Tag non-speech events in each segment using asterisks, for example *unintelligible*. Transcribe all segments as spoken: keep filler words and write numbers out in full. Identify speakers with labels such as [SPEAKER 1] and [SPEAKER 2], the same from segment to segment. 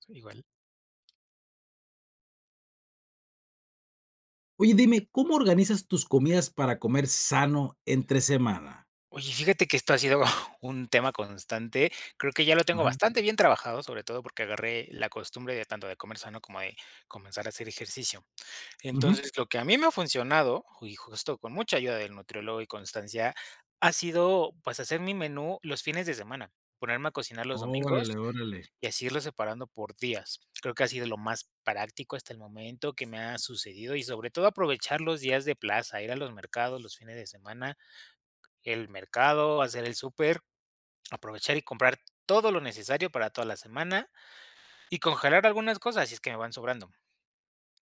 [SPEAKER 1] Son igual.
[SPEAKER 2] Oye, dime, ¿cómo organizas tus comidas para comer sano entre semana?
[SPEAKER 1] Oye, fíjate que esto ha sido un tema constante, creo que ya lo tengo
[SPEAKER 2] Ajá.
[SPEAKER 1] bastante bien trabajado, sobre todo porque agarré la costumbre de, tanto de comer sano, como de comenzar a hacer ejercicio.
[SPEAKER 2] Ujú.
[SPEAKER 1] Entonces, lo que a mí me ha funcionado, ju y justo con mucha ayuda del nutriólogo y constancia, ha sido, pues, hacer mi menú los fines de semana, ponerme a cocinar los
[SPEAKER 2] Órale,
[SPEAKER 1] domingos,
[SPEAKER 2] órale.
[SPEAKER 1] y así irlos separando por días. Creo que ha sido lo más práctico hasta el momento que me ha sucedido, y sobre todo aprovechar los días de plaza, ir a los mercados, los fines de semana, el mercado, hacer el súper, aprovechar y comprar todo lo necesario para toda la semana, y congelar algunas cosas si es que me van sobrando.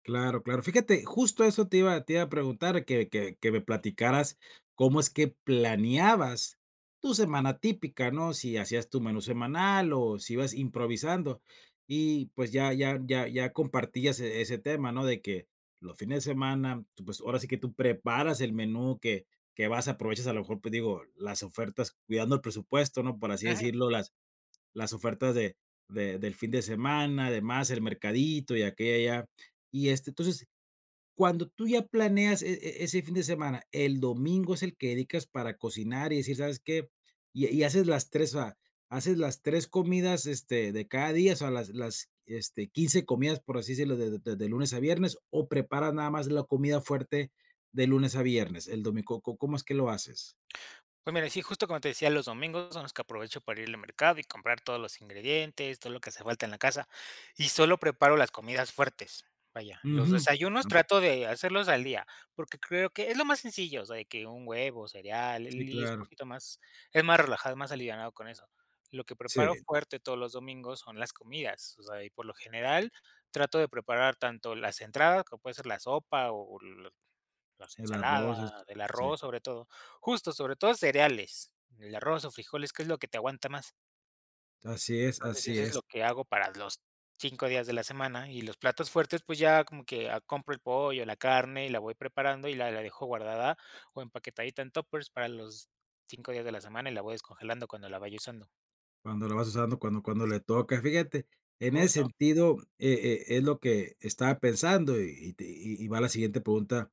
[SPEAKER 2] Claro, claro, fíjate, justo eso te iba te iba a preguntar que que que me platicaras cómo es que planeabas tu semana típica ¿no? Si hacías tu menú semanal, o si ibas improvisando, y pues, ya ya ya ya compartías e ese tema, ¿no?, de que los fines de semana, tú, pues, ahora sí que tú preparas el menú que que vas aprovechas a lo mejor, pues, digo las ofertas cuidando el presupuesto, ¿no?, por así
[SPEAKER 1] Ujú.
[SPEAKER 2] decirlo las las ofertas de de del fin de semana, demás, el mercadito y aquí y allá. Y, este, entonces cuando tú ya planeas e e ese fin de semana, el domingo es el que dedicas para cocinar, y decir, ¿sabes qué?, y y haces las tres o sea, haces las tres comidas, este, de cada día, o sea, las las, este, quince comidas, por así decirlo, de de de de lunes a viernes, o preparas nada más la comida fuerte de lunes a viernes, el domi ¿có có cómo es que lo haces?
[SPEAKER 1] Pues, mira, sí, justo como te decía, los domingos son los que aprovecho para ir al mercado y comprar todos los ingredientes, todo lo que hace falta en la casa, y solo preparo las comidas fuertes. Vaya, los
[SPEAKER 2] Ujú,
[SPEAKER 1] desayunos
[SPEAKER 2] anda.
[SPEAKER 1] trato de hacerlos al día, porque creo que es lo más sencillo, o sea, de que un huevo, cereal, y
[SPEAKER 2] Sí,
[SPEAKER 1] l y es
[SPEAKER 2] claro.
[SPEAKER 1] poquito más, es más relajado, es más alivianado con eso. Lo que preparo
[SPEAKER 2] Sí.
[SPEAKER 1] fuerte todos los domingos son las comidas, o sea, y por lo general trato de preparar tanto las entradas, que puede ser la sopa o las las
[SPEAKER 2] El arroz es
[SPEAKER 1] ensaladas, el
[SPEAKER 2] sí.
[SPEAKER 1] arroz, sobre todo. Justo, sobre todo, cereales, el arroz o frijoles, que es lo que te aguanta más.
[SPEAKER 2] Así es,
[SPEAKER 1] Entonces sí,
[SPEAKER 2] así
[SPEAKER 1] eso es
[SPEAKER 2] es.
[SPEAKER 1] lo que hago para los cinco días de la semana, y los platos fuertes, pues, ya como que compro el pollo, la carne, y la voy preparando, y la la dejo guardada o empaquetadita en tuppers para los cinco días de la semana y la voy descongelando cuando la vaya usando.
[SPEAKER 2] Cuando la vas usando, cuando cuando le toca, fíjate, en ese
[SPEAKER 1] Justo.
[SPEAKER 2] sentido, e e es lo que estaba pensando y y te y y va la siguiente pregunta,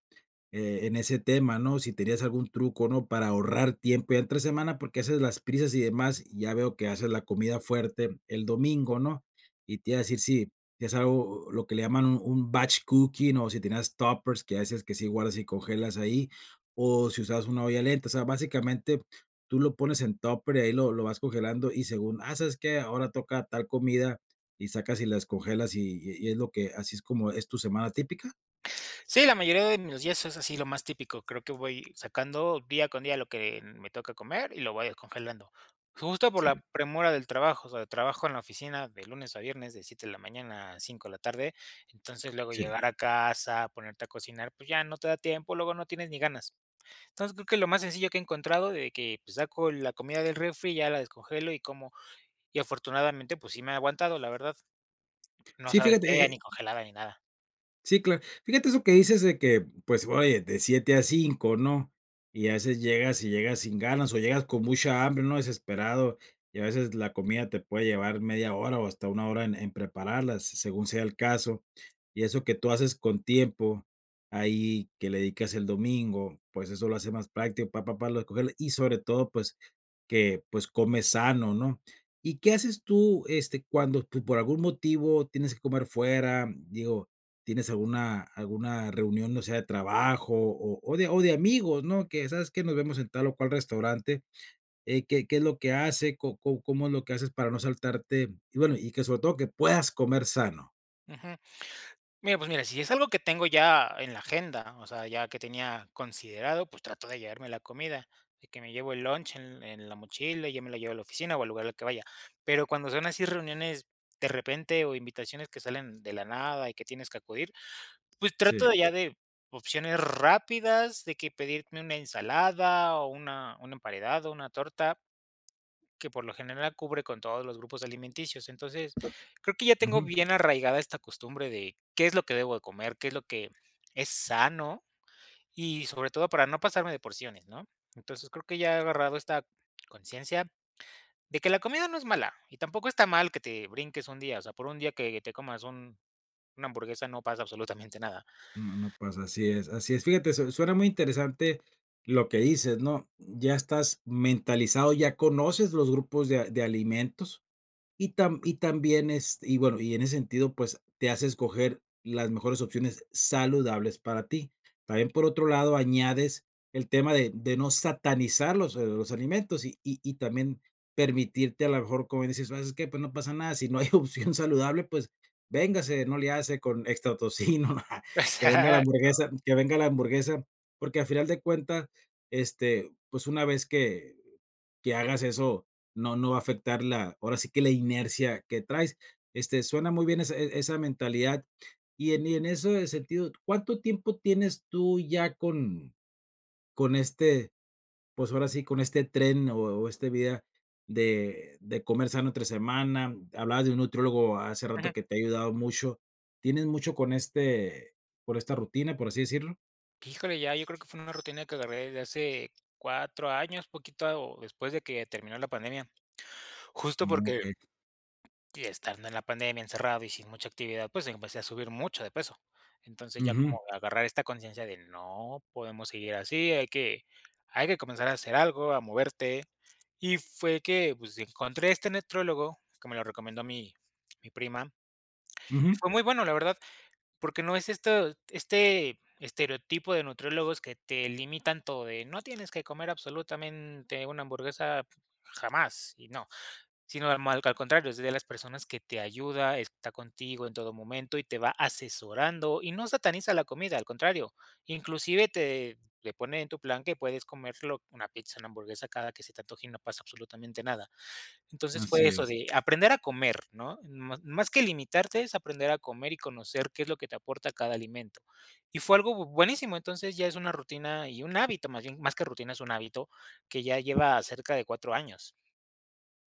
[SPEAKER 2] e en ese tema, ¿no? Si tenías algún truco, ¿no? Para ahorrar tiempo ya entre semana, porque haces las prisas y demás, y ya veo que haces la comida fuerte el domingo, ¿no? Y te iba a decir, sí, es algo lo lo que le llaman un un batch cooking o si tenías tuppers, que a veces, que sí guardas y congelas ahí, o si usabas una olla lenta, o sea, básicamente tú lo pones en tupper y ahí lo lo vas congelando y según, ¡ah!, ¿sabes qué? Ahora toca tal comida, y sacas y la descongelas y y es lo que ¿Así es como es tu semana típica?
[SPEAKER 1] Sí, la mayoría de mis días es así, lo más típico. Creo que voy sacando día con día lo que me toca comer y lo voy descongelando. Justo por
[SPEAKER 2] Sí.
[SPEAKER 1] la premura del trabajo. O sea, trabajo en la oficina de lunes a viernes de siete de la mañana a cinco de la tarde. Entonces, luego
[SPEAKER 2] Sí.
[SPEAKER 1] llegar a casa, ponerte a cocinar, pues ya no te da tiempo, luego no tienes ni ganas. Entonces, creo que lo más sencillo que he encontrado de que, pues, saco la comida del refri y ya la descongelo y como, y afortunadamente, pues sí me ha aguantado, la verdad. No
[SPEAKER 2] Sí,
[SPEAKER 1] sabe
[SPEAKER 2] fíjate, eh
[SPEAKER 1] fea,
[SPEAKER 2] eh
[SPEAKER 1] ni congelada ni nada.
[SPEAKER 2] sí, cla fíjate eso que dices de que, pues, oye, de siete a cinco ¿no? Y haces llegas y llegas sin ganas, o llegas con mucha hambre, ¿no? Desesperado, y a veces la comida te puede llevar media hora o hasta una hora en en prepararlas, según sea el caso, y eso que tú haces con tiempo, ahí que le dedicas el domingo, pues eso lo hace más práctico para para recoger y sobre todo, pues que, pues comes sano ¿no? ¿Y qué haces tú este cuando tú, por algún motivo, tienes que comer fuera? Digo, ¿tienes alguna alguna reunión, o sea, de trabajo o o de o de amigos, ¿no? Que sabes que nos vemos en tal o cual restaurante, eh, ¿qué qué es lo que hace, có có cómo es lo que haces para no saltarte, y bueno, y que sobre todo que puedas comer sano?
[SPEAKER 1] Ujú. Mira, pues mira, si es algo que tengo ya en la agenda. O sea, ya que tenía considerado, pues trato de llevarme la comida, de que me llevo el lunch en en la mochila, y yo me la llevo a la oficina, o al lugar al que vaya. Pero cuando son así reuniones de repente o invitaciones que salen de la nada y que tienes que acudir, pues trato de
[SPEAKER 2] Sí.
[SPEAKER 1] ya de opciones rápidas, de que pedirme una ensalada o una un emparedado, una torta que por lo general cubre con todos los grupos alimenticios. Entonces, creo que ya tengo
[SPEAKER 2] Ujú.
[SPEAKER 1] bien arraigada esta costumbre de qué es lo que debo de comer, qué es lo que es sano, y sobre todo para no pasarme de porciones, ¿no? Entonces, creo que ya he agarrado esta conciencia, de que la comida no es mala y tampoco está mal que te brinques un día, o sea, por un día que te comas un una hamburguesa, no pasa absolutamente nada.
[SPEAKER 2] No no pasa, así es, así es. Fíjate, su suena muy interesante lo que dices, ¿no? Ya estás mentalizado, ya conoces los grupos de a de alimentos, y tam y también es y bueno, y en ese sentido, pues, te hace escoger las mejores opciones saludables para ti. También, por otro lado, añades el tema de de no satanizar los los alimentos y y y también permitirte a lo mejor, como dices, ¿sabes qué? Pues no pasa nada, si no hay opción saludable, pues, véngase, no le hace con extra tocino, *chuckles* que venga la
[SPEAKER 1] Exacto
[SPEAKER 2] hamburguesa, que venga la hamburguesa, porque a final de cuentas, este, pues una vez que que hagas eso, no no va a afectar la ahora sí que la inercia que traes. Este, suena muy bien e esa mentalidad y en y en ese sentido, ¿cuánto tiempo tienes tú ya con con este pues ahora sí con este tren o o este vida de de comer sano entre semana? Hablabas de un nutriólogo hace
[SPEAKER 1] Ujú.
[SPEAKER 2] rato que te ha ayudado mucho, ¿tienes mucho con este, por esta rutina, por así decirlo?
[SPEAKER 1] Híjole, ya yo creo que fue una rutina que agarré desde hace cuatro años, poquito, o después de que terminó la pandemia. Justo porque
[SPEAKER 2] *unintelligible*
[SPEAKER 1] y estando en la pandemia encerrado y sin mucha actividad, pues empecé a subir mucho de peso. Entonces, ya como
[SPEAKER 2] Ujú.
[SPEAKER 1] agarrar esta conciencia de: "No podemos seguir así, hay que hay que comenzar a hacer algo, a moverte". Y fue que, pues, encontré este nutriólogo, como lo recomendó mi mi prima, y
[SPEAKER 2] Ujú.
[SPEAKER 1] fue muy bueno, la verdad, porque no es esto, este estereotipo de nutriólogos que te limitan todo, de: "No tienes que comer absolutamente una hamburguesa, jamás", y no, sino al al contrario, es de las personas que te ayuda, está contigo en todo momento y te va asesorando y no sataniza la comida, al contrario, inclusive te le pone en tu plan que puedes comerte una pizza, una hamburguesa cada que se te antoje y no pasa absolutamente nada. Entonces, fue
[SPEAKER 2] Así
[SPEAKER 1] eso
[SPEAKER 2] es.
[SPEAKER 1] de aprender a comer, ¿no? Más que limitarte, es aprender a comer y conocer qué es lo que te aporta cada alimento. Y fue algo buenísimo, entonces, ya es una rutina y un hábito, más bien, más que rutina, es un hábito que ya lleva cerca de cuatro años.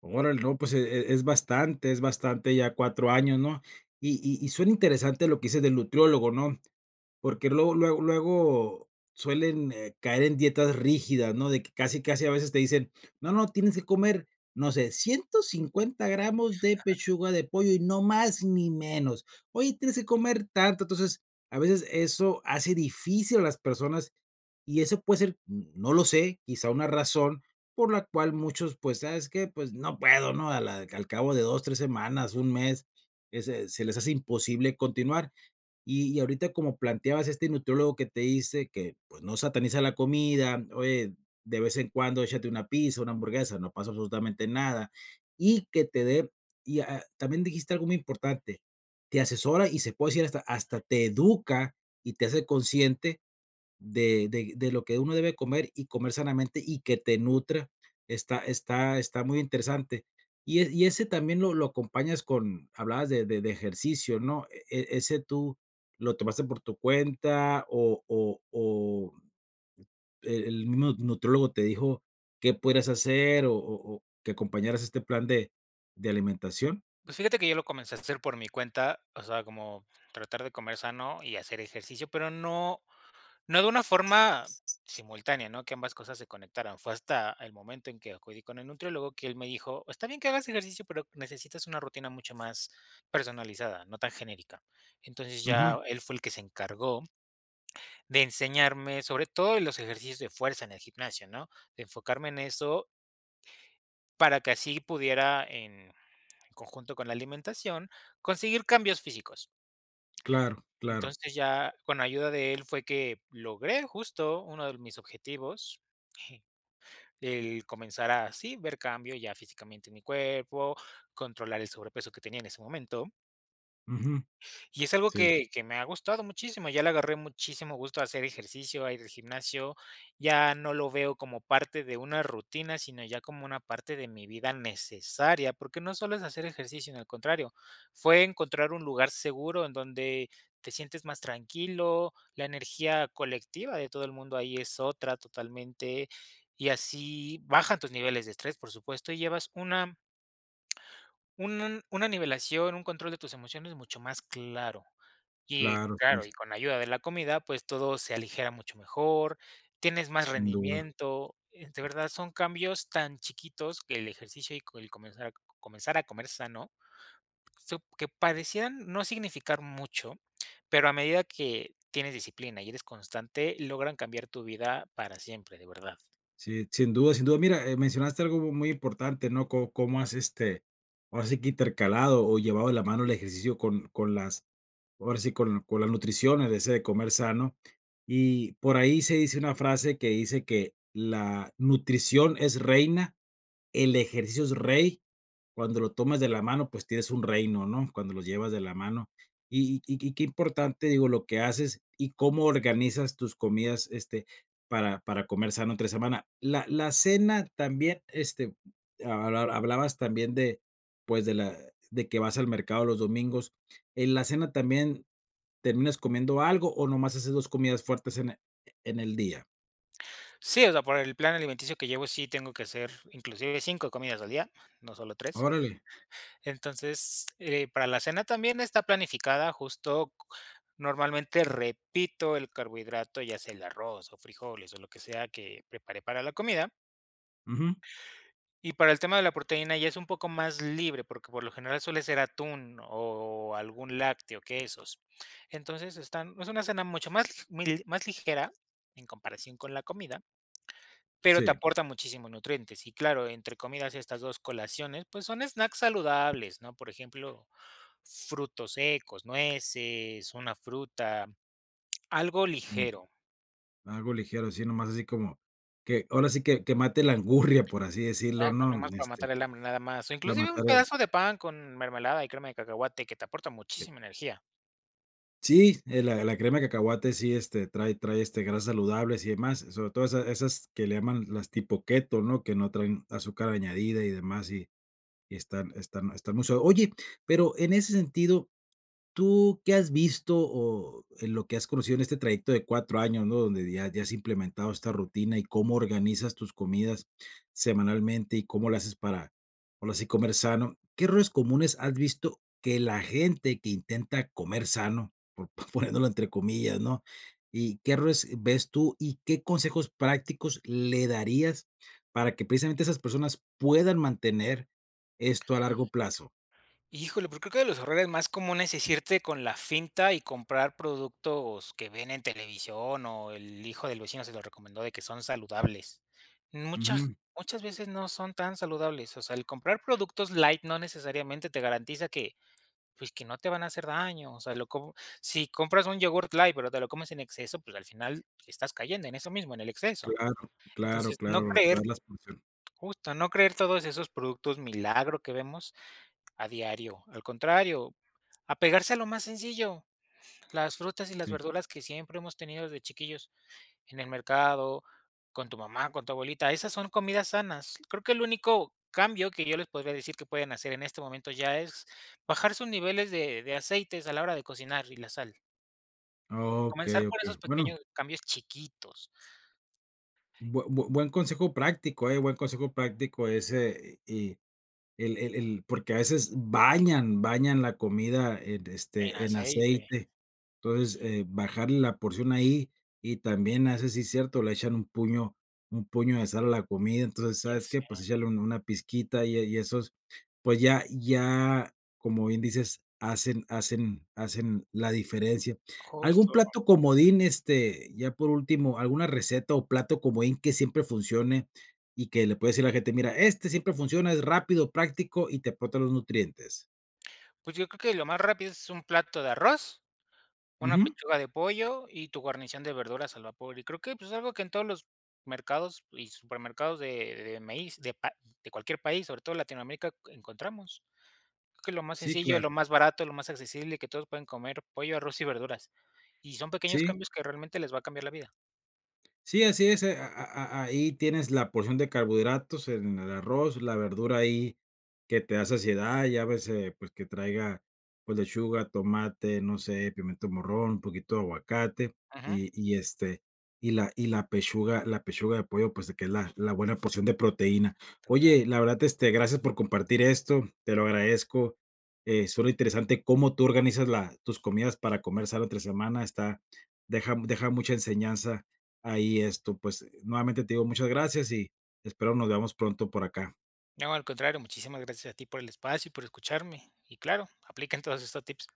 [SPEAKER 2] Órale, no, pues, e e es bastante es bastante ya cuatro años ¿no? Y y y suena interesante lo que dices del nutriólogo, ¿no? Porque luego luego luego suelen, eh, caer en dietas rígidas, ¿no? De que casi, casi, a veces, te dicen: "No, no, tienes que comer, no sé, ciento cincuenta gramos de
[SPEAKER 1] *chuckles*
[SPEAKER 2] pechuga de pollo y no más, ni menos. Oye, tienes que comer tanto". Entonces, a veces, eso hace difícil a las personas, y eso puede ser, n no lo sé, quizá una razón por la cual muchos, pues: "¿Sabes qué?, pues, no puedo", ¿no? A la al cabo de dos, tres semanas, un mes, ese se les hace imposible continuar. Y y ahorita, como planteabas este nutriólogo que te dice que, pues, no sataniza la comida: "Oye, de vez en cuando échate una pizza, una hamburguesa, no pasa absolutamente nada", y que te de, y, ah ah, también dijiste algo muy importante, te asesora y se puede decir hasta hasta te educa y te hace consciente de de de lo que uno debe comer, y comer sanamente, y que te nutra, está está está muy interesante. Y e y ese también lo lo acompañas con hablabas de de de ejercicio, ¿no? ¿E e ese tú lo tomaste por tu cuenta, o o o, eh, el mismo nutriólogo te dijo, qué podrías hacer o o o que acompañaras este plan de de alimentación?
[SPEAKER 1] Pues, fíjate que yo lo comencé a hacer por mi cuenta, o sea, como tratar de comer sano y hacer ejercicio, pero no no de una forma simultánea, ¿no?, que ambas cosas se conectaran, fue hasta el momento en que acudí con el nutriólogo, que él me dijo: "Está bien que hagas ejercicio, pero necesitas una rutina mucho más personalizada, no tan genérica". Entonces,
[SPEAKER 2] Ujú.
[SPEAKER 1] ya él fue el que se encargó de enseñarme, sobre todo, en los ejercicios de fuerza, en el gimnasio, ¿no? De enfocarme en eso para que así pudiera, en conjunto con la alimentación, conseguir cambios físicos.
[SPEAKER 2] Claro, claro.
[SPEAKER 1] Entonces, ya con ayuda de él fue que logré, justo, uno de mis objetivos. *chuckles* El comenzar a sí, ver cambio ya físicamente, en mi cuerpo, controlar el sobrepeso que tenía, en ese momento.
[SPEAKER 2] Ujú.
[SPEAKER 1] Y es algo
[SPEAKER 2] Sí.
[SPEAKER 1] que que me ha gustado muchísimo, ya le agarré muchísimo gusto a hacer ejercicio, a ir al gimnasio. Ya no lo veo como parte de una rutina, sino ya como una parte de mi vida, necesaria, porque no solo es hacer ejercicio, sino al contrario, fue encontrar un lugar seguro en donde te sientes más tranquilo, la energía colectiva de todo el mundo ahí es otra, totalmente, y así bajan tus niveles de estrés, por supuesto, y llevas una un n una nivelación, un control de tus emociones mucho más claro. Y
[SPEAKER 2] Claro,
[SPEAKER 1] claro,
[SPEAKER 2] si.
[SPEAKER 1] y con ayuda de la comida, pues, todo se aligera mucho mejor, tienes más
[SPEAKER 2] Sin duda.
[SPEAKER 1] rendimiento, eh, de verdad, son cambios tan chiquitos que, el ejercicio y co el comenzar a co comenzar a comer sano, sup que parecíeran no significar mucho, pero a medida que tienes disciplina y eres constante, logran cambiar tu vida para siempre, de verdad.
[SPEAKER 2] Sí, sin duda sin duda. Mira, eh, mencionaste algo mu muy importante, ¿no?, co cómo has, este, ahora sí que, intercalado o llevado de la mano el ejercicio con con las, ahora sí, con co la nutrición, el ese de comer sano. Y, por ahí, se dice una frase que dice que: "La nutrición es reina, el ejercicio es rey, cuando lo tomas de la mano, pues, tienes un reino", ¿no?, cuando los llevas de la mano. Y y y qué importante, digo, lo que haces y cómo organizas tus comidas, este, para para comer sano, entre semana. La la cena también, este, hab hab hablabas también de, pues, de la de que vas al mercado los domingos, ¿en la cena también, terminas comiendo algo o nada más haces dos comidas fuertes en e en el día?
[SPEAKER 1] Sí, o sea, por el plan alimenticio que llevo, sí tengo que hacer, inclusive, cinco comidas al día, no solo tres.
[SPEAKER 2] Órale.
[SPEAKER 1] Entonces, eh, para la cena también está planificada, justo c normalmente, repito el carbohidrato, ya sea el arroz o frijoles, o lo que sea que preparé para la comida.
[SPEAKER 2] Ujú.
[SPEAKER 1] Y para el tema de la proteína ya es un poco más libre, porque, por lo general, suele ser atún o algún lácteo, quesos. Entonces, están es una cena mucho más l mi más ligera, en comparación con la comida, pero te
[SPEAKER 2] Sí.
[SPEAKER 1] aporta muchísimos nutrientes. Y claro, entre comidas, estas dos colaciones, pues, son snacks saludables, ¿no?, por ejemplo, frutos secos, nueces, una fruta, algo
[SPEAKER 2] Mm.
[SPEAKER 1] ligero.
[SPEAKER 2] Algo ligero, así nada más, así como que, ahora sí que que, mate la angurria, por así
[SPEAKER 1] *unintelligible*
[SPEAKER 2] decirlo, ¿no?,
[SPEAKER 1] nada más para matar
[SPEAKER 2] este,
[SPEAKER 1] el hambre, nada más. O,
[SPEAKER 2] para
[SPEAKER 1] inclusive, un
[SPEAKER 2] matar el.
[SPEAKER 1] pedazo de pan con mermelada y crema de cacahuate, que te aporta
[SPEAKER 2] Eh.
[SPEAKER 1] muchísima energía.
[SPEAKER 2] Sí, eh, la la crema de cacahuate sí, este, trae trae, este, grasas saludables y demás, sobre todo esa esas que le llaman las tipo keto, ¿no? Que no traen azúcar añadida y demás, y y están están están muy so oye, pero en ese sentido, ¿tú qué has visto?, o en lo que has conocido en este trayecto de cuatro años, ¿no?, donde ya ya has implementado esta rutina y cómo organizas tus comidas semanalmente y cómo lo haces para, ahora sí, comer sano, ¿qué errores comunes has visto que la gente que intenta "comer sano", po poniéndolo entre comillas, ¿no? Y, ¿qué errores ves tú? ¿Y qué consejos prácticos le darías para que precisamente esas personas puedan mantener esto, a largo plazo?
[SPEAKER 1] Híjole, pues, creo que, de los errores más comunes es irte con la finta y comprar productos que ven en televisión o el hijo del vecino se lo recomendó de que son saludables. Muchas
[SPEAKER 2] Ujú.
[SPEAKER 1] muchas veces no son tan saludables, o sea, el comprar productos light no necesariamente te garantiza que, pues, que no te van a hacer daño, o sea, lo co si compras un yogur light, pero te lo comes en exceso, pues, al final, estás cayendo en
[SPEAKER 2] S
[SPEAKER 1] eso mismo, en el exceso.
[SPEAKER 2] Claro, claro,
[SPEAKER 1] Entonces, no
[SPEAKER 2] claro.
[SPEAKER 1] creer
[SPEAKER 2] Cuidar las prociones.
[SPEAKER 1] justo, no creer todos esos productos milagro que vemos a diario. Al contrario, apegarse a lo más sencillo, las frutas y las
[SPEAKER 2] Sí.
[SPEAKER 1] verduras que siempre hemos tenido desde chiquillos, en el mercado, con tu mamá, con tu abuelita, esas son comidas sanas. Creo que el único cambio que yo les podría decir que pueden hacer, en este momento, ya es bajar sus niveles de de aceites, a la hora de cocinar y la sal. Comenzar
[SPEAKER 2] Okey,
[SPEAKER 1] por
[SPEAKER 2] okey.
[SPEAKER 1] esos
[SPEAKER 2] Bueno.
[SPEAKER 1] pequeños cambios chiquitos.
[SPEAKER 2] Bue bue buen consejo práctico, eh, buen consejo práctico ese y y el el el porque a veces bañan bañan la comida en,
[SPEAKER 1] En
[SPEAKER 2] este, en
[SPEAKER 1] aceite.
[SPEAKER 2] aceite. Entonces, eh, bajarle la porción ahí y también, a veces, sí es cierto, le echan un puño un puño de sal a la comida. Entonces,
[SPEAKER 1] Ya
[SPEAKER 2] ¿sabes qué?, pues,
[SPEAKER 1] sé.
[SPEAKER 2] échale un una pizquita y, eh, y esos, pues, ya ya, como bien dices, hacen hacen hacen la diferencia. ¿Algún
[SPEAKER 1] Justo.
[SPEAKER 2] plato comodín, este, ya por último, alguna receta o plato comodín que siempre funcione y que le puedes decir a la gente: "Mira, este siempre funciona, es rápido, práctico, y te aporta los nutrientes"?
[SPEAKER 1] Pues, yo creo que, lo más rápido es un plato de arroz, una
[SPEAKER 2] Ujú.
[SPEAKER 1] pechuga de pollo y tu guarnición de verduras al vapor. Y creo que, pues, algo que en todos los mercados y supermercados de de maíz de pa de cualquier país, sobre todo Latinoamérica, encontramos. Creo que es lo más
[SPEAKER 2] Sí,
[SPEAKER 1] sencillo, y
[SPEAKER 2] claro.
[SPEAKER 1] lo más barato, y lo más accesible, que todos pueden comer, pollo, arroz y verduras. Y son pequeños
[SPEAKER 2] Sí.
[SPEAKER 1] cambios que, realmente, les va a cambiar la vida.
[SPEAKER 2] Sí, así es, eh, a a a ahí tienes la porción de carbohidratos, en el arroz, la verdura ahí que te da saciedad, ya ves, eh, pues, que traiga, pues, lechuga, tomate, no sé, pimiento morrón, un poquito de aguacate
[SPEAKER 1] Ajá.
[SPEAKER 2] y y, este, y la y la pechuga la pechuga de pollo, pues, de que es la la buena porción de proteína.
[SPEAKER 1] Trabajar.
[SPEAKER 2] Oye, la verdad, este, gracias por compartir esto, te lo agradezco. Eh ,suena interesante cómo tú organizas la tus comidas para comer sano entre semana, está deja deja mucha enseñanza ahí, esto, pues, nuevamente te digo, muchas gracias y espero nos veamos pronto por acá.
[SPEAKER 1] No, al contrario, muchísimas gracias a ti, por el espacio y por escucharme. Y claro, apliquen todos estos tips.